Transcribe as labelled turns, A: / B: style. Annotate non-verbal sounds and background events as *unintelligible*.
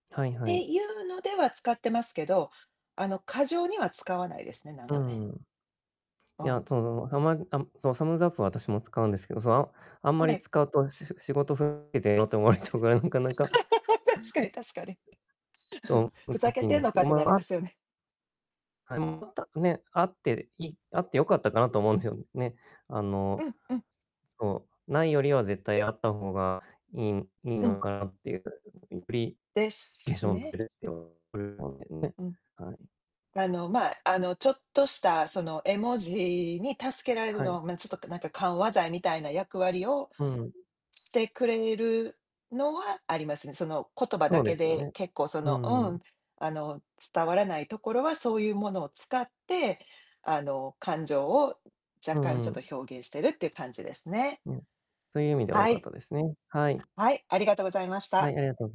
A: はいは
B: て
A: い。
B: ゆうのでは使ってますけど、あの、過剰には使わないですね、なん
A: う
B: かね。
A: ん。
B: あ
A: い
B: あ。
A: や、その、たまにあ、そう、サムズアップ、私も使うんですけど、その、ああん
B: お
A: まり
B: ね。
A: 使うと、し仕事ふけてと思われ
B: *unintelligible*
A: ちゃうから、なかな
B: しつれ
A: か
B: *laughs* 確かに確かに。す
A: そう、
B: ふ
A: 無
B: ざ
A: 課
B: け
A: 金
B: てん
A: です
B: の
A: け
B: かっ
A: ど、
B: てなり
A: ま
B: ま
A: あ
B: すよね。
A: はい、また、ね、あっていあってよかったかなと思うんすよね。あ
B: う
A: の、
B: ん、うん。
A: そう、ないよりは絶対あった方がいいい
B: う
A: の
B: ん。
A: かなってゆうふうに *unintelligible* うり
B: で
A: で
B: す
A: しょんっ
B: ね。
A: てっと *unintelligible* ね、
B: うん。
A: はい。
B: あの、まあ、あの、ちょっとした、その、絵文字に助けられる
A: はい。
B: の、ま、ちょっとなんか緩和剤みたいな役割を
A: うん。
B: してくれるのはありますね。その、言葉だ
A: そう
B: け
A: ですよ
B: で
A: ね。
B: 結構そ
A: う
B: のう
A: んう
B: ん、
A: ん。
B: あの、伝わらないところはそうゆうものを使って、あの、感情を
A: う
B: 若干ち
A: ん
B: ょっ
A: うん。
B: と表現してるっていう感じですね。
A: うん、そゆ意味では良
B: は
A: かっ
B: い。
A: たですね、はい
B: はい、ありがとございまし
A: は
B: た。
A: い、ありがとう